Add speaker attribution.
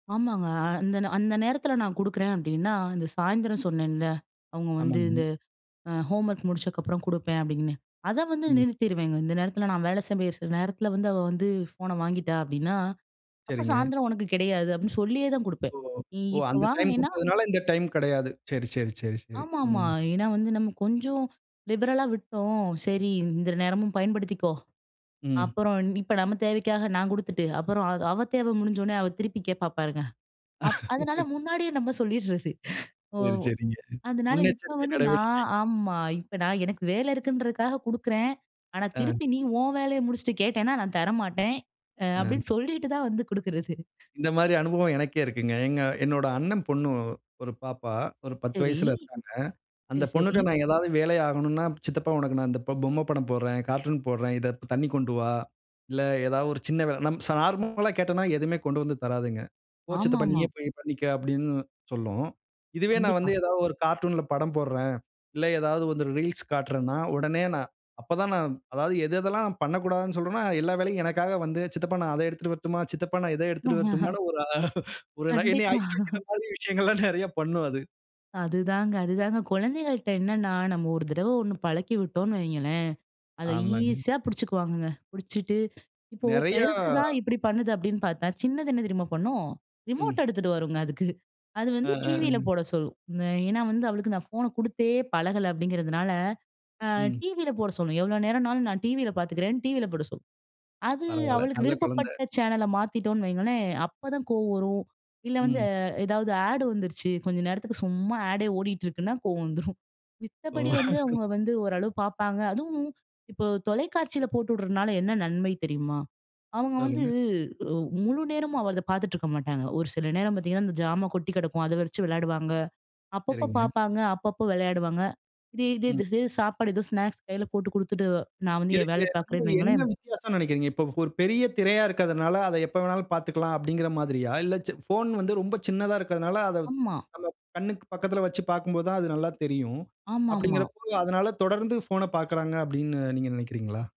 Speaker 1: ஆமாங்க. அந்த ந அந்த நேரத்தில நான் குடுக்குறேன் அப்படின்னா, இந்த சாயந்திரம் சொன்னேன்ல, அவங்க வந்து
Speaker 2: ஆமாங்க.
Speaker 1: இந்த அ ஹோம்வொர்க் முடிச்சதுக்கப்புறம் குடுப்பேன் அப்டின்னு, அதை வந்து
Speaker 2: ம்.
Speaker 1: நிறுத்திருவேங்க. இந்த நேரத்தில நான் வேலை செய்ய வேண்டிய சில நேரத்தில வந்து, அவ வந்து ஃபோனை வாங்கிட்டா அப்படின்னா, "அப்போ
Speaker 2: சரிங்க.
Speaker 1: சாயந்தரம் உனக்கு கிடையாது" அப்படின்னு சொல்லியே தான் குடுப்பேன்.
Speaker 2: ஓ!
Speaker 1: நீ
Speaker 2: ஓ!
Speaker 1: இப்போ
Speaker 2: அந்த டைம்
Speaker 1: வாங்கினேன்னா
Speaker 2: கொடுத்ததனால இந்த டைம் கெடையாது. சரி, சரி, சரி, சரி.
Speaker 1: ஆமாமா.
Speaker 2: ம்.
Speaker 1: ஏன்னா வந்து நம்ம கொஞ்சம் லிபரலா விட்டோம், சரி இந்த நேரமும் பயன்படுத்திக்கோ.
Speaker 2: ம்.
Speaker 1: அப்புறம் இப்போ நம்ம தேவைக்காக நான் குடுத்துட்டு, அப்புறம் அது அவ தேவை முடிஞ்சவுடனே அவ திருப்பி கேட்பா பாருங்க. அப் அதனால முன்னாடியே நம்ம சொல்லிடுறது. ஓ!
Speaker 2: சரி, சரிங்க.
Speaker 1: அதனால இப்போ
Speaker 2: முன்னெச்சரிக்கை
Speaker 1: வந்து நான்
Speaker 2: நடவடிக்கை.
Speaker 1: ஆமா, "இப்போ நான் எனக்கு வேலை இருக்குன்றதுக்காக குடுக்குறேன். ஆனா
Speaker 2: அ.
Speaker 1: திருப்பி நீ உன் வேலையை முடிச்சுட்டு கேட்டேன்னா நான் தர மாட்டேன்," அ
Speaker 2: அ.
Speaker 1: அப்படின்னு சொல்லிட்டு தான் வந்து குடுக்கிறது.
Speaker 2: இந்த மாதிரி அனுபவம் எனக்கே இருக்குங்க. எங்க என்னுடைய அண்ணன் பொண்ணு ஒரு பாப்பா, ஒரு 10
Speaker 1: சரி.
Speaker 2: வயசுல இருக்காங்க. அந்த
Speaker 1: சரி, சரி.
Speaker 2: பொண்ணுட்ட நான் ஏதாவது வேலை ஆகணும்ன்னா, சித்தப்பா உனக்கு நான் இந்த பொ பொம்மை படம் போடுகிறேன், கார்ட்டூன் போடுகிறேன். இதை தண்ணீ கொண்டு வா, இல்லை ஏதாவது ஒரு சின்ன வேலை. நம் ச நார்மல்லா கேட்டோம்ன்னா எதுவுமே கொண்டு வந்து தராதுங்க. "போ சித்தப்பா
Speaker 1: ஆமாமா.
Speaker 2: நீயே போய் பண்ணிக்க." அப்படின்னு சொல்லும். இதுவே நான்
Speaker 1: கண்டிப்பா.
Speaker 2: வந்து ஏதாவது ஒரு கார்ட்டூன்ல படம் போடுறேன், இல்லை ஏதாவது வந்து ரீல்ஸ் காட்டுறேன்னா, உடனே நான் அப்ப தான் நான் அதாவது எது எதெல்லாம் பண்ணக்கூடாதுன்னு சொல்றோனோ, எல்லா வேலையும் எனக்காக வந்து, சித்தப்பா நான் அதை எடுத்துட்டு வரட்டுமா, சித்தப்பா நான் இதை எடுத்துட்டு வரட்டுமான்னு ஒரு அ ஒரு நை என்னை
Speaker 1: கண்டிப்பா.
Speaker 2: ஐஸ் வைக்கிற மாதிரி விஷயங்கள்லாம் நிறைய பண்ணும் அது.
Speaker 1: அதுதாங்க அதுதாங்க குழந்தைகள்ட்ட என்னன்னா, நம்ம ஒரு தடவை ஒன்னு பழக்கி விட்டோம்னு வைங்களேன், அதை
Speaker 2: ஆமாங்க.
Speaker 1: ஈஸியா பிடிச்சுக்குவாங்கங்க. பிடிச்சிட்டு, இப்போ
Speaker 2: நெறைய
Speaker 1: பெருசு தான் இப்படி பண்ணுது அப்படின்னு பார்த்தா, சின்னது என்ன தெரியுமா பண்ணும்,
Speaker 2: ம்.
Speaker 1: ரிமோட்ட எடுத்துட்டு வருங்க அதுக்கு. அது
Speaker 2: அ
Speaker 1: வந்து
Speaker 2: அ
Speaker 1: டிவியில
Speaker 2: அன்.
Speaker 1: போட சொல்லும். நான் ஏன்னா வந்து அவளுக்கு நான் ஃபோனை குடுத்தே பழகலை அப்படிங்கிறதுனால, அ
Speaker 2: ம்.
Speaker 1: டிவியில போட சொல்லும். எவ்வளோ நேரம்னாலும் நான் டிவியில பார்த்துக்கிறேன்னு டிவியில போட சொல்லும். அது
Speaker 2: பரவால்ல.
Speaker 1: அவளுக்கு
Speaker 2: நல்ல குழந்தை.
Speaker 1: விருப்பப்பட்ட சேனலை மாத்திட்டோம்னு வையுங்களேன், அப்போதான் கோவம் வரும், இல்லை வந்து
Speaker 2: ம்.
Speaker 1: ஏதாவது ஆட் வந்துருச்சு கொஞ்ச நேரத்துக்கு சும்மா ஆடே ஓடிகிட்டு இருக்குனா கோவம் வந்துரும்.
Speaker 2: ஓ!
Speaker 1: மித்தபடி வந்து அவங்க வந்து ஓரளவு பார்ப்பாங்க. அதுவும், இப்போ தொலைக்காட்சியில போட்டு விடுறதுனால என்ன நன்மை தெரியுமா? அவங்க வந்து
Speaker 2: சொல்லுங்க.
Speaker 1: உ முழுநேரமும் அவ அதை பார்த்துட்டு இருக்க மாட்டாங்க, ஒரு சில நேரம் பார்த்தீங்கன்னா, அந்த ஜாமா கொட்டி கிடக்கும் அதை வச்சு விளையாடுவாங்க. அப்பப்போ
Speaker 2: சரிங்க.
Speaker 1: பார்ப்பாங்க, அப்பப்போ விளையாடுவாங்க. இதே இதே
Speaker 2: ம்.
Speaker 1: இதே சாப்பாடு ஏதோ ஸ்நாக்ஸ் கையில் போட்டு குடுத்துட்டு நான் வந்து என்
Speaker 2: இதுக்கு
Speaker 1: வேலையை
Speaker 2: வந்து
Speaker 1: பார்க்குறேன்னு
Speaker 2: என்ன
Speaker 1: வையுங்களேன்
Speaker 2: வித்தியாசம்ன்னு நினைக்கிறீங்க? இப்ப ஒரு பெரிய திரையா இருக்கதுனால, அதை எப்ப வேண்னாலும் பார்த்துக்கலாம் அப்படின்கிற மாதிரியா? இல்ல சி போஃன் வந்து ரொம்ப சின்னதா இருக்கிறதனால அதை
Speaker 1: ஆமா.
Speaker 2: நம்ம கண்ணுக்கு பக்கத்தில வச்சு பார்க்கும்போது தான் அது நல்லா தெரியும்.
Speaker 1: ஆமாமா.
Speaker 2: அப்படிகிறபோது அதனால தொடர்ந்து போஃன பார்க்குறாங்க அப்படின்னு நீங்க நினைக்கிறீங்களா?